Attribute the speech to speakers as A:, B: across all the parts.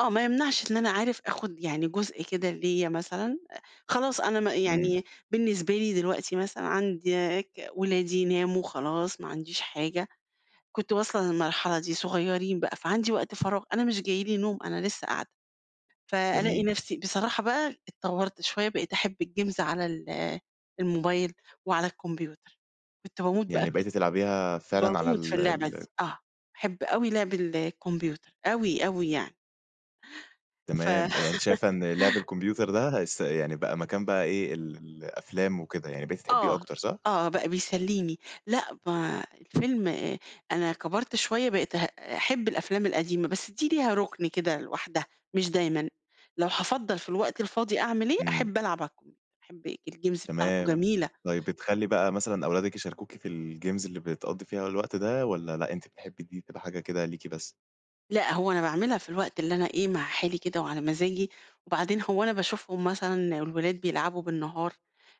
A: آه. ما يمنعش إن أنا عارف آخُد يعني جزء كده ليّا مثلًا أ خلاص أنا ما
B: إمم.
A: يعني بالنسبة لي دلوقتي مثلًا عندي ك ولادي ناموا خلاص ما عنديش حاجة، كنت واصلة للمرحلة دي صغيرين بقى. فعندي وقت فراغ أنا مش جاي لي نوم، أنا لسّه قاعدة. فألاقي
B: جميل.
A: نفسي بصراحة بقى اتطوّرت شوية بقيت أحب الجيمز على ال الموبايل وعلى الكمبيوتر. كنت باموت بقى
B: يعني
A: في
B: بقيتِ تلعبيها فعلًا على
A: باموت في
B: ال
A: اللعبة
B: ال
A: دي، آه. أحب أوي لعب الكمبيوتر أوي، أوي يعني. ف
B: تمام. يعني أنتِ شايفة إن لعب الكمبيوتر ده هيس يعني بقى مكان بقى إيه، ال ال الأفلام وكده، يعني بقيتِ تحبّيه
A: آه،
B: أكتر صح؟
A: آه. بقى بيسلّيني. لأ ما الفيلم أ أنا كبرت شوية بقيت هأ أحب الأفلام القديمة، بس دي ليها رُكن كده لوحدها مش دايمًا. لو هافضّل في الوقت الفاضي أعمل إيه،
B: إمم.
A: أحب ألعب على الكم أحب الج الجيمز بتاعته
B: تمام.
A: جميلة.
B: طيب بتخلّي بقى مثلًا أولادِك يشاركوكِ في الجيمز اللي بتقضّي فيها الوقت ده والّا لأ، أنتِ بتحبّي دي تبقى حاجة كده ليكِ بس؟
A: لأ، هو أنا باعملها في الوقت اللي أنا إيه، مع حالي كده وعلى مزاجي. وبعدين هو أنا باشوفهم مثلًا والولاد بيلعبوا بالنهار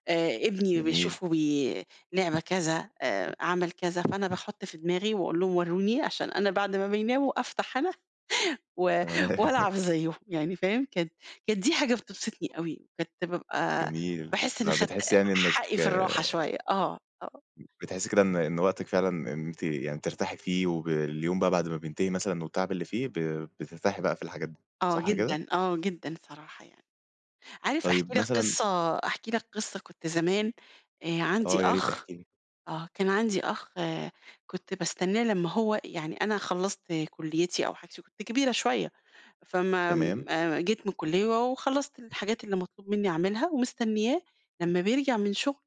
A: آآ ابني
B: جميل.
A: بيشوفه بي لعبة كذا آآ عمل كذا، فأنا باحُط في دماغي وأقول لهم ورّوني عشان أنا بعد ما بيناموا أفتح أنا و
B: تمام.
A: وألعب زيّهم يعني فاهم؟ كده، كانت دي حاجة بتبسطني أوي، بجد بابقى
B: جميل.
A: باحس إنّي
B: آه.
A: خدت
B: بتحسّي يعني
A: حقي
B: إنِّك
A: في الراحة شوية آه، آه.
B: بتحسّي كده إن إن وقتِك فعلًا إن أنتِ يعني ترتاحي فيه وباليوم بقى بعد ما بينتهي مثلًا والتعب اللي فيه ب بترتاحي بقى في الحاجات دي،
A: آه
B: صح كده؟
A: جدًا، آه جدًا الصراحة يعني. عارف أحكي
B: طيب
A: لك
B: مثلًا
A: قصة أحكي لك قصة كنت زمان آآ عندي
B: آه يا ريت،
A: أخ
B: احكي لي.
A: آه. كان عندي أخ كنت باستنّاه لمّا هو يعني أنا خلّصت كُلّيتي أو حاجتي، كنت كبيرة شوية، فما
B: تمام.
A: م أ جيت من الكُلّية وخلّصت الحاجات اللي مطلوب منّي أعملها ومستنّياه لمّا بيرجع من شغله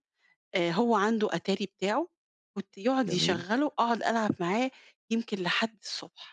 A: آآ هو عنده أتاري بتاعه، كُنت يقعد
B: جميل.
A: يشغّله أقعد ألعب معاه يمكن لحد الصبح.